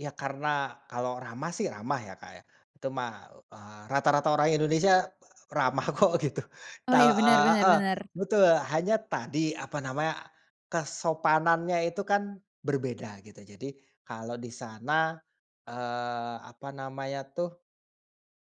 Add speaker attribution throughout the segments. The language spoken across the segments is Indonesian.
Speaker 1: Iya karena kalau ramah sih ramah ya Kak ya. Itu mah, eee, rata-rata orang Indonesia, ramah kok gitu.
Speaker 2: Oh
Speaker 1: Tau
Speaker 2: iya, bener
Speaker 1: eee,
Speaker 2: bener
Speaker 1: heeh,
Speaker 2: bener.
Speaker 1: betul hanya tadi apa namanya, kesopanannya itu kan berbeda gitu jadi, kalau di sana, eee, apa namanya tuh,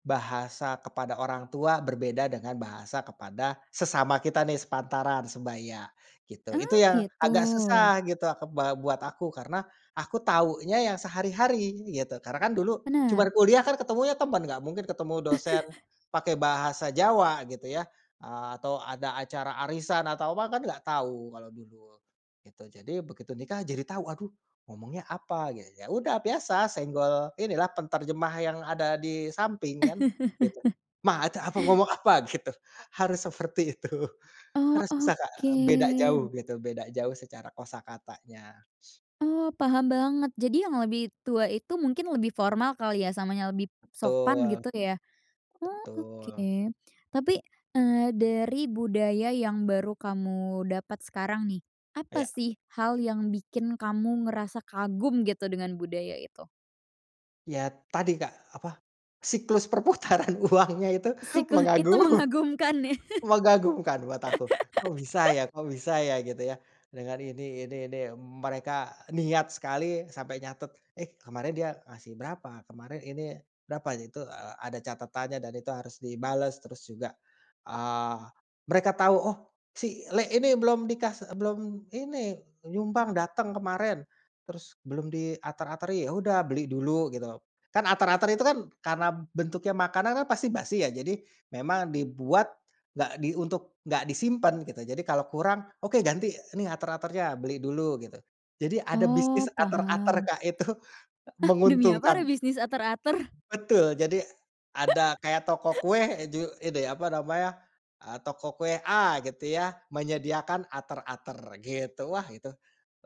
Speaker 1: bahasa kepada orang tua berbeda dengan bahasa kepada sesama kita nih sepantaran sebaya, gitu itu
Speaker 2: Oh
Speaker 1: yang
Speaker 2: gitu.
Speaker 1: agak susah gitu ke ba buat aku karena, aku tahunya yang sehari-hari gitu karena kan dulu cuma
Speaker 2: Bener.
Speaker 1: kuliah kan ketemunya teman nggak mungkin ketemu dosen, pakai bahasa Jawa gitu ya, ah, atau ada acara arisan atau apa kan nggak tahu kalau dulu, gitu jadi begitu nikah jadi tahu aduh ngomongnya apa? Ge ya udah biasa senggol inilah penterjemah yang ada di samping kan, gitu, “Ma, ada apa? Ngomong apa?” Gitu, harus seperti itu.
Speaker 2: Oh
Speaker 1: Harus bisa Kak
Speaker 2: oke.
Speaker 1: beda jauh gitu beda jauh secara kosakatanya.
Speaker 2: Oh paham banget jadi yang lebih tua itu mungkin lebih formal kali ya, samanya lebih sopan
Speaker 1: Betul,
Speaker 2: gitu ya, oh oke.
Speaker 1: Betul.
Speaker 2: Tapi, eee, dari budaya yang baru kamu dapat sekarang nih, apa
Speaker 1: Iya.
Speaker 2: sih hal yang bikin kamu ngerasa kagum gitu dengan budaya itu?
Speaker 1: Iya tadi Kak, apa siklus perputaran uangnya itu
Speaker 2: Siklus? Itu
Speaker 1: mengagum
Speaker 2: mengagumkan ya.
Speaker 1: mengagumkan buat aku, kok bisa ya kok bisa ya? Gitu ya. Dengan ini ini ini m mereka niat sekali sampai nyatet, “Eh, kemarin dia ngasih berapa? Kemarin ini berapa?” Itu a ada catatannya dan itu harus dibales terus juga, eee, mereka tahu, “oh si le ini belum dikas e belum ini nyumbang datang kemarin, terus belum diater-ateri” ya udah beli dulu gitu. Kan ater-ater itu kan karena bentuknya makanan kan pasti basi ya jadi, memang dibuat, nggak di untuk nggak disimpan gitu jadi kalau kurang, “oke, ganti nih ater-aternya beli dulu” gitu. Jadi ada bisnis
Speaker 2: Oh
Speaker 1: ater-ater
Speaker 2: paham.
Speaker 1: Kak itu, e
Speaker 2: Ah! demi apa
Speaker 1: menguntungkan.
Speaker 2: ada bisnis ater-ater.
Speaker 1: Betul jadi, ada kayak toko kue, eee, ju itu ya apa namanya, eee, toko kue A gitu ya, menyediakan ater-ater gitu wah itu,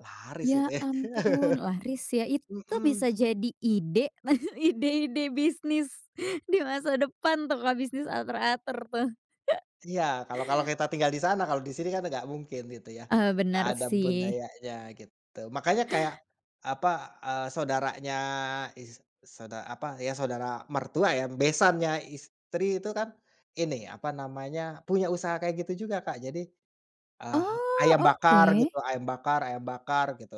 Speaker 1: laris itu
Speaker 2: Ya
Speaker 1: ya.
Speaker 2: ampun laris ya itu
Speaker 1: Mhm.
Speaker 2: bisa jadi ide nah ide-ide bisnis di masa depan tuh kalau bisnis ater-ater tuh.
Speaker 1: Iya kalau kalau kita tinggal di sana kalau di sini kan nggak mungkin itu ya,
Speaker 2: Eee,
Speaker 1: nggak
Speaker 2: bener
Speaker 1: ada
Speaker 2: sih.
Speaker 1: budayanya gitu makanya kayak, apa, eee, saudaranya is soda apa, ya saudara mertua ya besannya istri itu kan, ini apa namanya, punya usaha kayak gitu juga Kak jadi, eee,
Speaker 2: Oh
Speaker 1: ayam bakar
Speaker 2: oke.
Speaker 1: gitu ayam bakar ayam bakar gitu.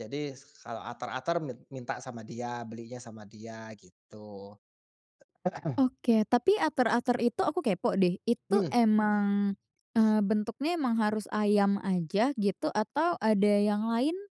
Speaker 1: Jadi kalau ater-ater mit minta sama dia, belinya sama dia gitu. Heeh.
Speaker 2: Oke tapi ater-ater itu aku kepo deh itu
Speaker 1: Mhm.
Speaker 2: emang, eee, bentuknya emang harus ayam aja gitu, atau ada yang lain?